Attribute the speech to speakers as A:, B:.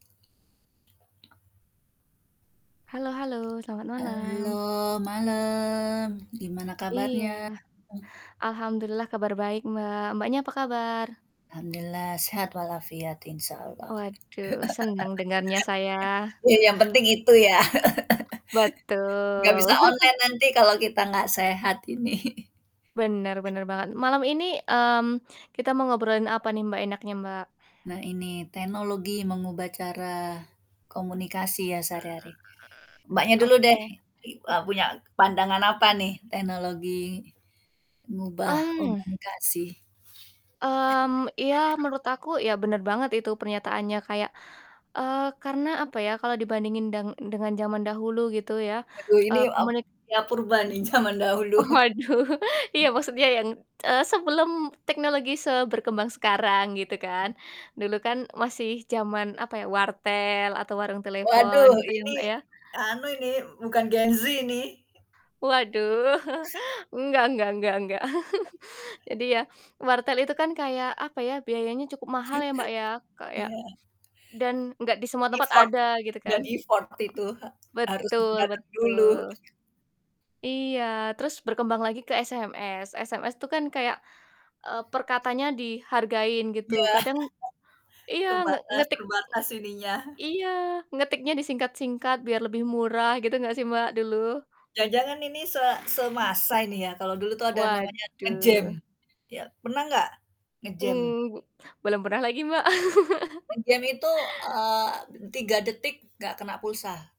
A: Halo halo selamat
B: Halo
A: malam.
B: malam gimana
A: Iya.
B: kabarnya? Mmm.
A: Alhamdulillah kabar baik Mbak. Mbaknya apa
B: Heeh.
A: kabar?
B: Alhamdulillah sehat walafiat Insya Allah.
A: Waduh seneng dengernya saya.
B: Ya yang penting itu ya. Nggak
A: Betul.
B: bisa online nanti kalau kita nggak sehat ini.
A: Bener bener banget. Malam ini, mmm, kita mau ngobrolin apa nih Mbak enaknya Mbak?
B: Nah ini teknologi mengubah cara komunikasi ya sehari-hari. Mbaknya dulu deh,
A: Oke.
B: i eee, punya pandangan apa
A: Mmm.
B: nih teknologi mengubah
A: Mmm.
B: komunikasi.
A: Mmm, ya menurut aku, ya bener banget itu pernyataannya kayak eee, karena apa ya kalau dibandingin deng dengan jaman dahulu gitu ya.
B: Waduh ini,
A: Eee,
B: eee,
A: komuni
B: saya purba nih jaman dahulu.
A: Waduh, iya maksudnya yang, t eee, sebelum teknologi seberkembang sekarang gitu kan, dulu kan masih jaman apa ya wartel atau warung telepon
B: Waduh
A: gitu ya
B: ini,
A: Mbak ya.
B: anu ini, bukan gen Z ini.
A: Waduh enggak enggak enggak enggak jadi ya, wartel itu kan kayak apa ya, biayanya cukup mahal ya Mbak ya kayak
B: Iya.
A: dan nggak di semua tempat
B: Effort,
A: ada gitu
B: dan
A: kan.
B: Effort itu ha
A: Mhm.
B: harus
A: Betul
B: dateng dulu.
A: betul Iya terus berkembang lagi ke SMS. SMS tuh kan kayak, eee, perkatanya dihargain gitu
B: Ya,
A: kadang iya nge
B: kebatas
A: ngetik
B: terbatas ininya.
A: iya, ngetiknya disingkat-singkat biar lebih murah gitu gak sih Mbak dulu?
B: Jangan-jangan ini se
A: Mmm.
B: semasa ini ya kalau dulu tuh ada namanya
A: Waduh.
B: nge-jam, ya, pernah nggak nge-jam?
A: Mmm. Belum pernah lagi Mbak.
B: Nge-jam itu, eee, 3 detik nggak kena pulsa.